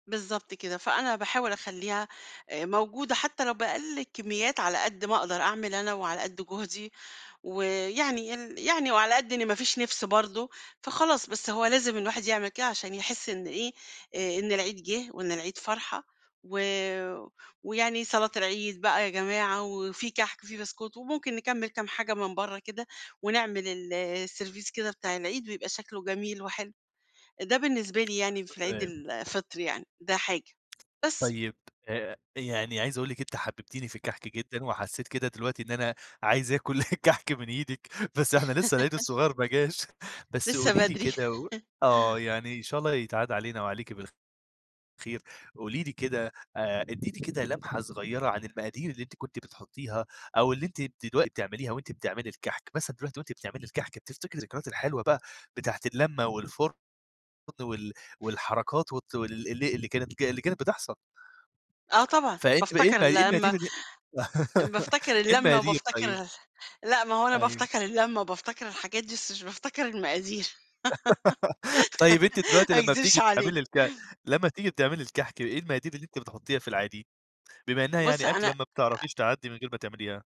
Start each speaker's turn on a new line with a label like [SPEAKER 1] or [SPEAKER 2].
[SPEAKER 1] بالضبط كده. فأنا باحاول أخلّيها أ موجودة حتّى لو بأقَل كمّيات على قد ما أقدر أعمل أنا وعلى قد جهدي ويعني ين يعني وعلى قد إن ما فيش نِفس برضه فخلاص، بس هو لازم الواحد يعمل كده عشان يحِس إن إيه، أ إن العيد جِه وإن العيد فرحة و ويعني صلاة العيد بقى يا جماعة وفي كَحك وفي بسكوت وممكن نكمّل كام حاجة من برّه كده ونعمل السيرفيس كده بتاع العيد ويبقى شكله جميل وحلو، ده بالنسبة لي يعني في عيد
[SPEAKER 2] [unintelligible]
[SPEAKER 1] الفطر يعني ده حاجة. بس
[SPEAKER 2] طيب، آآ يعني عايز أقول لِك أنتِ حبّبتيني في الكَحك جدًا وحسّيت كده دلوقتي إن أنا عايز آكُل كَحك من إيدِك بس إحنا لسّه العيد الصغير ما جاش، بس
[SPEAKER 1] لسّه
[SPEAKER 2] قولي لي
[SPEAKER 1] بدري.
[SPEAKER 2] كده و آه. يعني إن شاء الله يتعاد علينا وعليكِ بالخ خير. قولي لي كده آآ إدّيني كده لمحة صغيرة عن المقادير اللي أنتِ كنتِ بتحُطّيها أو اللي أنتِ دلوقتي بتعمليها وأنتِ بتعملي الكَحك؟ مثلًا دلوقتي وأنت بتعملي الكَحك بتفتكري الذكريات الحلوة بقى بتاعة اللمة والفُرن والحركات وت ال ال اللي كانت اللي كانت بتحصل؟
[SPEAKER 1] آه طبعًا.
[SPEAKER 2] فأنتِ إيه
[SPEAKER 1] بافتكر
[SPEAKER 2] المقا إيه
[SPEAKER 1] اللمه،
[SPEAKER 2] [unintelligible]
[SPEAKER 1] أ بافتكر
[SPEAKER 2] إيه
[SPEAKER 1] اللمه
[SPEAKER 2] المقادير طيب؟
[SPEAKER 1] وبافتكر لأ ما هو أنا
[SPEAKER 2] أيوه.
[SPEAKER 1] بافتكر اللمه وبافتكر الحاجات دي، بس مش بافتكر المقادير
[SPEAKER 2] طيب، أنتِ دلوقتي
[SPEAKER 1] ما
[SPEAKER 2] لمّا
[SPEAKER 1] أكذبش
[SPEAKER 2] بتيجي
[SPEAKER 1] عليك.
[SPEAKER 2] تعملي الك لمّا بتيجي تعملي الكَحك، إيه المقادير اللي أنتِ بتحُطّيها في العادي، بما إنّها
[SPEAKER 1] بُص،
[SPEAKER 2] يعني
[SPEAKER 1] أنا
[SPEAKER 2] أكلة ما
[SPEAKER 1] أ
[SPEAKER 2] بتعرفيش تعدّي من غير ما تعمليها؟